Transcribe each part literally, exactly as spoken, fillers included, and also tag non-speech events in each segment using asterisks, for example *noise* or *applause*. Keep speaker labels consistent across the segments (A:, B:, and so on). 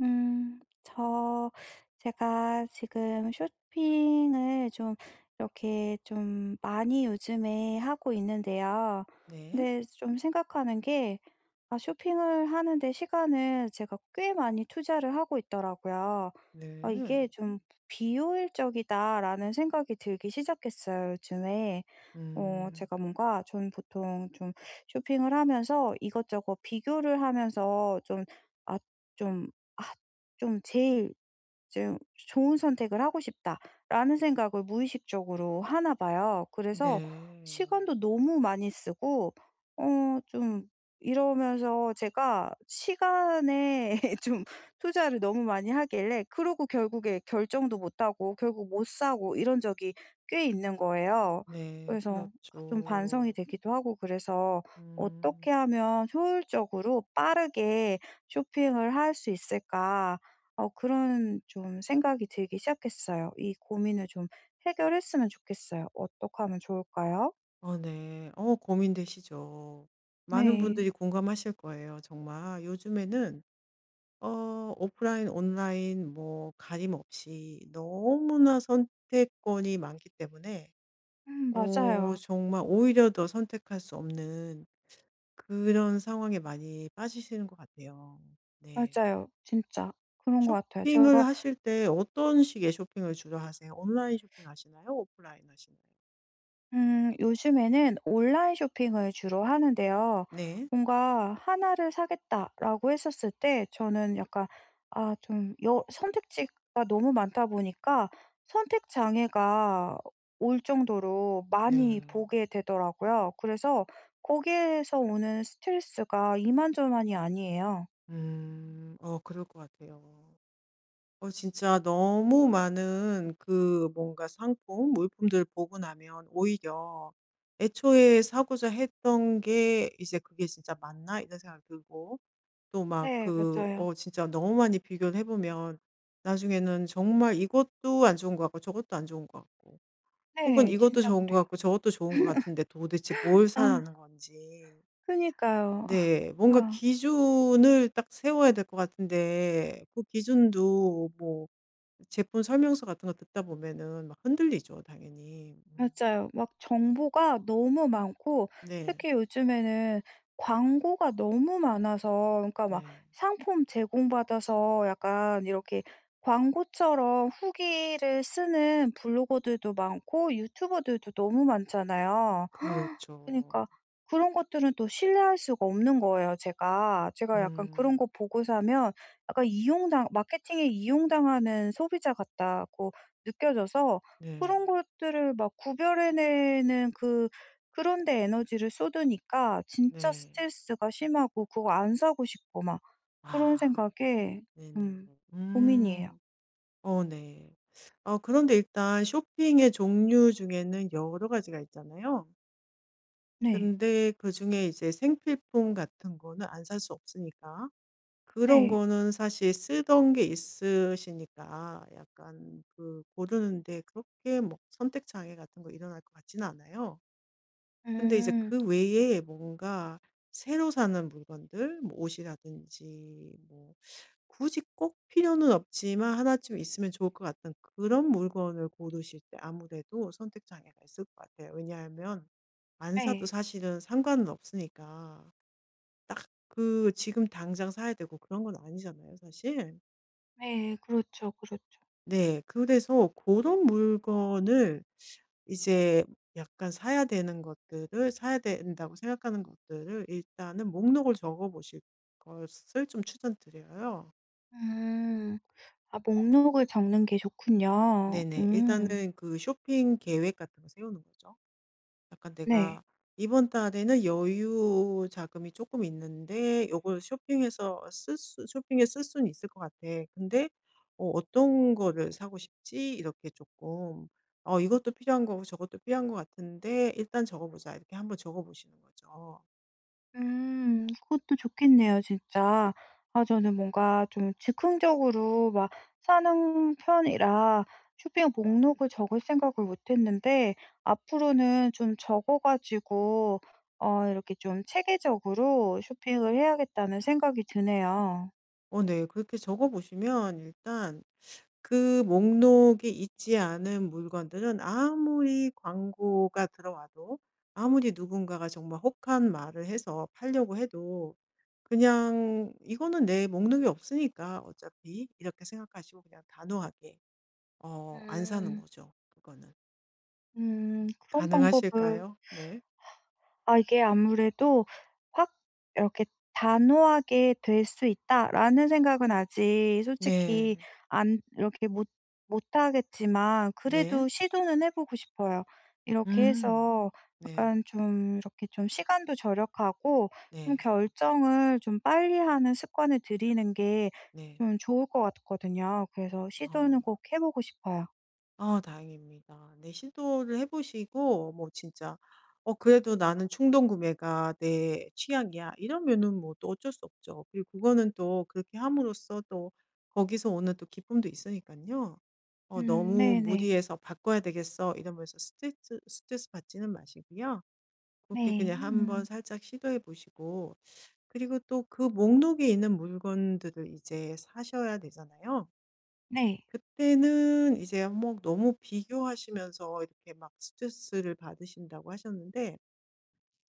A: 음 저 제가 지금 쇼핑을 좀 이렇게 좀 많이 요즘에 하고 있는데요.
B: 네.
A: 근데 좀 생각하는 게 아 쇼핑을 하는 데 시간을 제가 꽤 많이 투자를 하고 있더라고요. '아
B: 네.
A: 이게 좀 비효율적이다.'라는 생각이 들기 시작했어요 요즘에. 어
B: 음.
A: 제가 뭔가 전 보통 좀 쇼핑을 하면서 이것저것 비교를 하면서 좀 아 좀 아 좀 '제일 좀 좋은 선택을 하고 싶다.'라는 생각을 무의식적으로 하나 봐요. 그래서
B: 네.
A: 시간도 너무 많이 쓰고 어 좀 이러면서 제가 시간에 *laughs* 좀 투자를 너무 많이 하길래 그러고 결국에 결정도 못 하고 결국 못 사고 이런 적이 꽤 있는 거에요.
B: 네.
A: 그래서 좀 반성이
B: 그렇죠.
A: 되기도 하고 그래서
B: 음.
A: '어떻게 하면 효율적으로 빠르게 쇼핑을 할 수 있을까?' 어 그런 좀 생각이 들기 시작했어요. 이 고민을 좀 해결했으면 좋겠어요. 어떡하면 좋을까요?
B: 어 네. 어 고민되시죠. 많은
A: 네.
B: 분들이 공감하실 거예요 정말. 요즘에는어 오프라인, 온라인 뭐 가림없이 너무나 선택권이 많기 때문에
A: 음,
B: 어
A: 맞아요.
B: 정말 오히려 더 선택할 수 없는 그런 상황에 많이 빠지시는 것 같아요. 네.
A: 맞아요. 진짜. 그런 것 같아요. 제가
B: 쇼핑을 하실 때 어떤 식의 쇼핑을 주로 하세요? 온라인 쇼핑 하시나요? 오프라인 하시나요?
A: 음 요즘에는 온라인 쇼핑을 주로 하는데요.
B: 네.
A: 뭔가 '하나를 사겠다.'라고 했었을 때 저는 약간 아 좀 여 선택지가 너무 많다 보니까 선택 장애가 올 정도로 많이
B: 네.
A: 보게 되더라고요. 그래서 거기에서 오는 스트레스가 이만저만이 아니에요.
B: 음 어 그럴 것 같아요. 어 진짜 너무 많은 그 뭔가 상품 물품들을 보고 나면 오히려 애초에 사고자 했던 게 이제 '그게 진짜 맞나?' 이런 생각이 들고 또 막
A: 네.
B: 그
A: 맞아요.
B: 어 진짜 너무 많이 비교를 해 보면 나중에는 정말 이것도 안 좋은 것 같고 저것도 안 좋은 것 같고 혹은
A: 네.
B: 이것도
A: 진짜
B: 좋은 것
A: 그래요.
B: 같고 저것도 좋은 것 같은데 도대체
A: *laughs*
B: 뭘
A: 아.
B: 사라는 건지
A: 그니까요.
B: 네
A: 아.
B: 뭔가
A: 아.
B: 기준을 딱 세워야 될 것 같은데 그 기준도 뭐 제품 설명서 같은 거 듣다 보면은 막 흔들리죠 당연히. 음.
A: 맞아요. 막 정보가 너무 많고
B: 네.
A: 특히 요즘에는 광고가 너무 많아서 그니까 막
B: 네.
A: 상품 제공받아서 약간 이렇게 광고처럼 후기를 쓰는 블로거들도 많고 유튜버들도 너무 많잖아요. *gasps*
B: 그렇죠.
A: 그니까 그런 것들은 또 신뢰할 수가 없는 거예요 제가. 제가 약간 그런 거
B: 음.
A: 보고 사면 약간 이용당 마케팅에 이용당하는 소비자 같다고 느껴져서
B: 네.
A: 그런 것들을 막 구별해내는 그 그런 데 에너지를 쏟으니까 진짜
B: 네.
A: 스트레스가 심하고 그거 안 사고 싶고 막 그런
B: 아
A: 생각에
B: 네네.
A: 좀 고민이에요.
B: 음 어 네. 아 그런데 일단 쇼핑의 종류 중에는 여러 가지가 있잖아요.
A: 네.
B: 근데 그중에 이제 생필품 같은 거는 안 살 수 없으니까 그런
A: 네.
B: 거는 사실 쓰던 게 있으시니까 약간 그 고르는 데 그렇게 뭐 선택 장애 같은 거 일어날 것 같진 않아요. 근데 이제
A: 음.
B: 그 외에 뭔가 새로 사는 물건들 뭐 옷이라든지 뭐 굳이 꼭 필요는 없지만 하나쯤 있으면 좋을 것 같은 그런 물건을 고르실 때 아무래도 선택 장애가 있을 것 같아요. 왜냐하면 안 사도
A: 네.
B: 사실은 상관은 없으니까. 딱 그 지금 당장 사야 되고 그런 건 아니잖아요 사실.
A: 네. 그렇죠, 그렇죠.
B: 네. 그래서 고런 물건을 이제 약간 사야 되는 것들을 사야 된다고 생각하는 것들을 일단은 목록을 적어 보실 것을 좀 추천드려요.
A: 음 아 목록을 적는 게
B: 네
A: 좋군요.
B: 네.
A: 음.
B: 일단은 그 쇼핑 계획 같은 거 세우는 거죠. 약간
A: 네.
B: '내가 이번 달에는 여유 자금이 쪼끔 있는데 요걸 쇼핑해서 쓸 수 쇼핑에 쓸 순 있을 것 같아. 근데 어 어떤 거를 사고 싶지?' 이렇게 쪼끔 '어 이것도 필요한 거고 저것도 필요한 거 같은데 일단 적어 보자.' 이렇게 한 번 적어 보시는 거죠.
A: 음 그것도 좋겠네요 진짜. 아 저는 뭔가 좀 즉흥적으로 막 사는 편이라 쇼핑 목록을 적을 생각을 못 했는데 앞으로는 좀 적어 가지고 어 이렇게 좀 체계적으로 쇼핑을 해야겠다는 생각이 드네요.
B: 어 네. 그렇게 적어 보시면 일단 그 목록이 있지 않은 물건들은 아무리 광고가 들어와도 아무리 누군가가 정말 혹한 말을 해서 팔려고 해도 그냥 '이거는 내 목록에 없으니까, 어차피.' 이렇게 생각하시고 그냥 단호하게 어 안 사는
A: 음.
B: 거죠, 그거는.
A: 음 그런 방법을
B: 가능하실까요? 네.
A: *sighs* 아 이게 아무래도 확 이렇게 '단호하게 될 수 있다.'라는 생각은 아직 솔직히
B: 네.
A: 안 이렇게 못 못하겠지만
B: 네.
A: 그래도 시도는 해 보고 싶어요. 이렇게
B: 음.
A: 해서
B: 네.
A: 약간 좀 이렇게 좀 시간도 절약하고 좀
B: 네.
A: 결정을 좀 빨리하는 습관을 들이는 게
B: 네.
A: 좀 좋을 것 같거든요. 그래서
B: 아.
A: 시도는 꼭 해 보고 싶어요.
B: 아 다행입니다. 네 시도를 해 보시고 뭐 진짜 '어 그래도 나는 충동구매가 내 취향이야.' 이러면은 뭐 또 어쩔 수 없죠. 그리고 그거는 또 그렇게 함으로써 또 거기서 오는 또 기쁨도 있으니깐요. 어
A: 음
B: 너무
A: 네네.
B: 무리해서 '바꿔야 되겠어.' 이러면서 스테쯔 스트레스 받지는 마시고요 그렇게
A: 네.
B: 그냥 한번
A: 음.
B: 살짝 시도해 보시고 그리고 또 그 목록에 있는 물건들을 이제 사셔야 되잖아요.
A: 네.
B: 그때는 이제 한 뭐 너무 비교하시면서 이렇게 막 스트레스를 받으신다고 하셨는데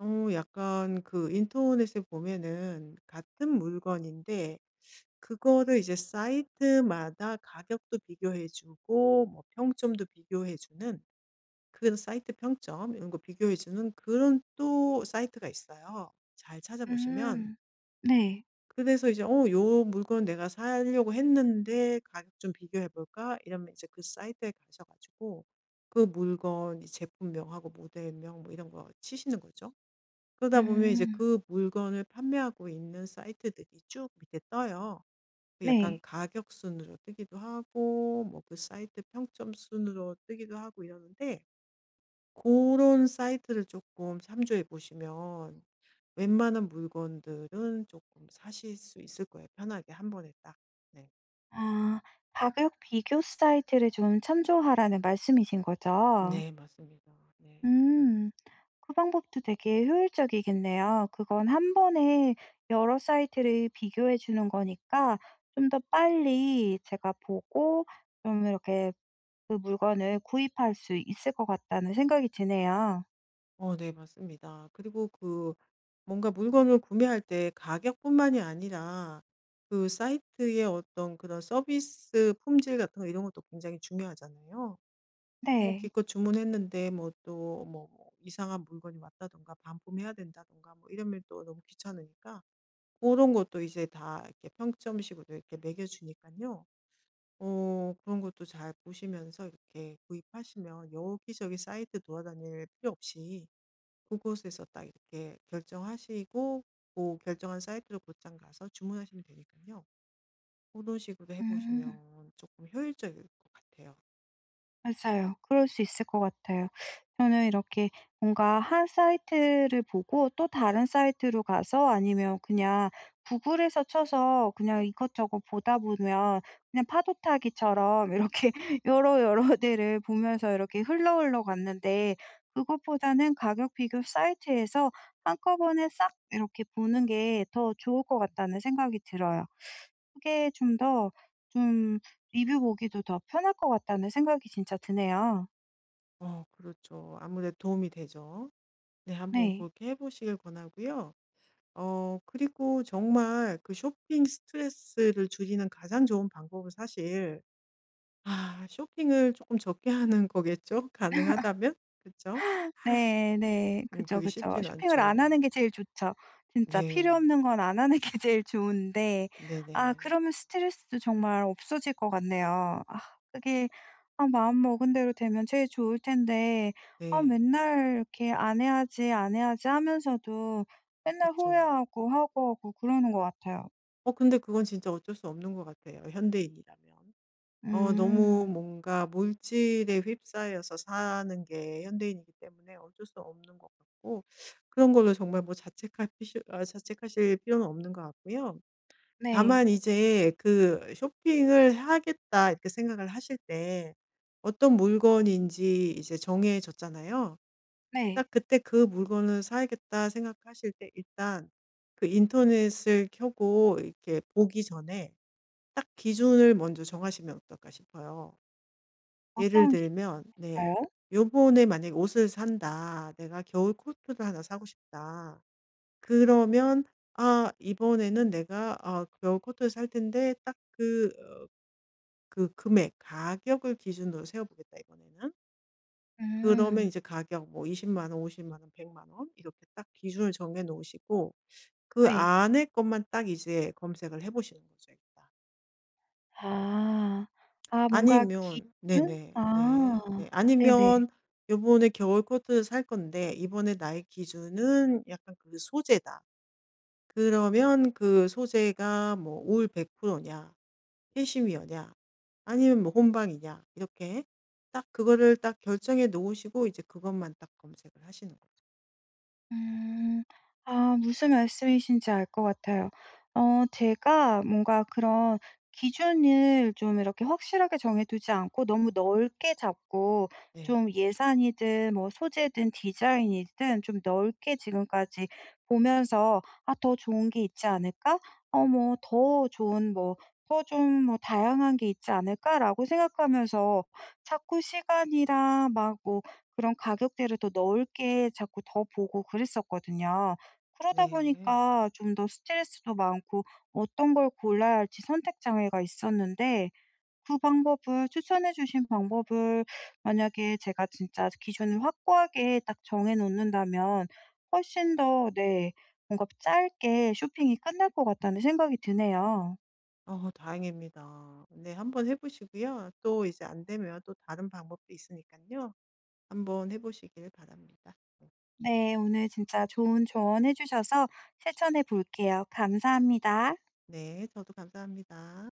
B: 어 약간 그 인터넷에 보면은 같은 물건인데 그거를 이제 사이트마다 가격도 비교해 주고 뭐 평점도 비교해 주는 그런 사이트 평점 이런 거 비교해 주는 그런 또 사이트가 있어요. 잘 찾아보시면
A: 음 네.
B: 그래서 이제 '어 요 물건 내가 사려고 했는데 가격 좀 비교해 볼까?' 이러면 이제 그 사이트에 가셔 가지고 그 물건 이제 제품명하고 모델명 뭐 이런 거 치시는 거죠. 그러다 보면 이제
A: 음.
B: 그 물건을 판매하고 있는 사이트들이 쭉 밑에 떠요. 그 약간
A: 네.
B: 가격 순으로 뜨기도 하고 뭐 그 사이트 평점 순으로 뜨기도 하고 이러는데 고런 사이트를 쪼끔 참조해 보시면 웬만한 물건들은 쪼끔 사실 수 있을 거예요 편하게 한 번에 딱. 네.
A: 아 가격 비교 사이트를 좀 참조하라는 말씀이신 거죠?
B: 네. 맞습니다. 네.
A: 음. 그 방법도 되게 효율적이겠네요. 그건 한 번에 여러 사이트를 비교해 주는 거니까 좀 더 빨리 제가 보고 좀 이렇게 그 물건을 구입할 수 있을 것 같다는 생각이 드네요.
B: 어 네. 맞습니다. 그리고 그 뭔가 물건을 구매할 때 가격뿐만이 아니라 그 사이트의 어떤 그런 서비스 품질 같은 거 이런 것도 굉장히 중요하잖아요. 뭐
A: 네.
B: 기껏 주문했는데 뭐 또 뭐 뭐 이상한 물건이 왔다든가 반품해야 된다든가 뭐 이러면 또 너무 귀찮으니까 고런 것도 이제 다 이렇게 평점 식으로 이렇게 매겨 주니깐요 어 그런 것도 잘 보시면서 이렇게 구입하시면 여기저기 사이트 돌아다닐 필요 없이 그곳에서 딱 이렇게 결정하시고 뭐 결정한 사이트로 곧장 가서 주문하시면 되니깐요. 고런 식으로 해
A: 음.
B: 보시면 쪼끔 효율적일 것 같아요.
A: 맞아요. 그럴 수 있을 것 같아요. 저는 이렇게 뭔가 한 사이트를 보고 또 다른 사이트로 가서 아니면 그냥 구글에서 쳐서 그냥 이것저것 보다 보면 그냥 파도타기처럼 이렇게 여러, 여러 데를 보면서 이렇게 흘러, 흘러 갔는데 그것보다는 가격 비교 사이트에서 한꺼번에 싹 이렇게 보는 게 더 좋을 것 같다는 생각이 들어요. 그게 좀 더 좀 리뷰 보기도 더 편할 것 같다는 생각이 진짜 드네요.
B: 어 그렇죠. 아무래도 도움이 되죠. 네 한번
A: 네.
B: 그렇게 해 보시길 권하고요. 어 그리고 정말 그 쇼핑 스트레스를 줄이는 가장 좋은 방법은 사실 아 쇼핑을 쪼끔 적게 하는 거겠죠? 가능하다면? 그쵸?
A: *laughs* 네. 네.
B: 음
A: 그죠,
B: 그게
A: 그죠.
B: 쉽진
A: 쇼핑을 안
B: 않죠.
A: 하는 게 제일 좋죠. 진짜 필요
B: 네.
A: 없는 건 안 하는 게 제일 좋은데 아
B: 네네.
A: 그러면 스트레스도 정말 없어질 것 같네요. 아 그게 아 마음먹은 대로 되면 제일 좋을 텐데 아
B: 네.
A: 맨날 이렇게 '안 해야지, 안 해야지.' 하면서도 맨날
B: 그쵸.
A: 후회하고 하고, 하고 그러는 것 같아요.
B: 어 근데 그건 진짜 어쩔 수 없는 것 같아요 현대인이라면. 어
A: 음.
B: 너무 뭔가 물질에 휩싸여서 사는 게 현대인이기 때문에 어쩔 수 없는 것 같고 그런 걸로 정말 뭐 자책할 피시 아 자책하실 필요는 없는 것 같고요.
A: 네.
B: 다만 이제 그 '쇼핑을 하겠다.' 이렇게 생각을 하실 때 어떤 물건인지 이제 정해졌잖아요.
A: 네.
B: 딱 그때 '그 물건을 사야겠다.' 생각하실 때 일단 그 인터넷을 켜고 이렇게 보기 전에 '딱 기준을 먼저 정하시면 어떨까.' 싶어요. 예를
A: 어떤
B: 들면 네.
A: 기준일까요?
B: '요번에 만약에 옷을 산다. 내가 겨울 코트를 하나 사고 싶다.' 그러면 '아 이번에는 내가 아 겨울 코트를 살 텐데 딱 그 어 그 금액 가격을 기준으로 세워 보겠다 이번에는.' 그러면
A: 음.
B: 이제 가격 뭐 이십만 원 오십만 원 백만 원 이렇게 딱 기준을 정해 놓으시고 그
A: 네.
B: 안에 것만 딱 이제 검색을 해 보시는 거죠 일단.
A: 아. 아 뭔가
B: 아니면
A: 깊은?
B: 네네네.
A: 아.
B: 네.
A: 네네.
B: 아니면 요번에 겨울 코트를 살 건데 이번에 나의 기준은 약간 그 소재다. 그러면 그 소재가 뭐 올 백프로 냐, 캐시미어냐, 아니면 뭐 혼방이냐 이렇게 딱 그거를 딱 결정해 놓으시고 이제 그것만 딱 검색을 하시는 거죠.
A: 음. 아 무슨 말씀이신지 알 거 같아요. 어 제가 뭔가 그런 기준을 좀 이렇게 확실하게 정해두지 않고 너무 넓게 잡고
B: 네.
A: 좀 예산이든 뭐 소재든 디자인이든 좀 넓게 지금까지 보면서 '아 더 좋은 게 있지 않을까? 어 뭐 더 좋은 뭐 더 좀 뭐 다양한 게 있지 않을까?' 라고 생각하면서 자꾸 시간이랑 막 뭐 그런 가격대를 더 넓게 자꾸 더 보고 그랬거든요. 그러다
B: 네.
A: 보니까 좀 더 스트레스도 많고 어떤 걸 골라야 할지 선택 장애가 있었는데 그 방법을 추천해 주신 방법을 만약에 제가 진짜 아주 기준을 확고하게 딱 정해 놓는다면 훨씬 더 네. 뭔가 짧게 쇼핑이 끝날 것 같다는 생각이 드네요.
B: 어 다행입니다. 네. 한번 해 보시고요. 또 이제 안 되면 또 다른 방법도 있으니까요. 한번 해 보시길 바랍니다. 네.
A: 네 오늘 진짜 좋은 조언 해 주셔서 실천해볼게요. 감사합니다.
B: 네 저도 감사합니다.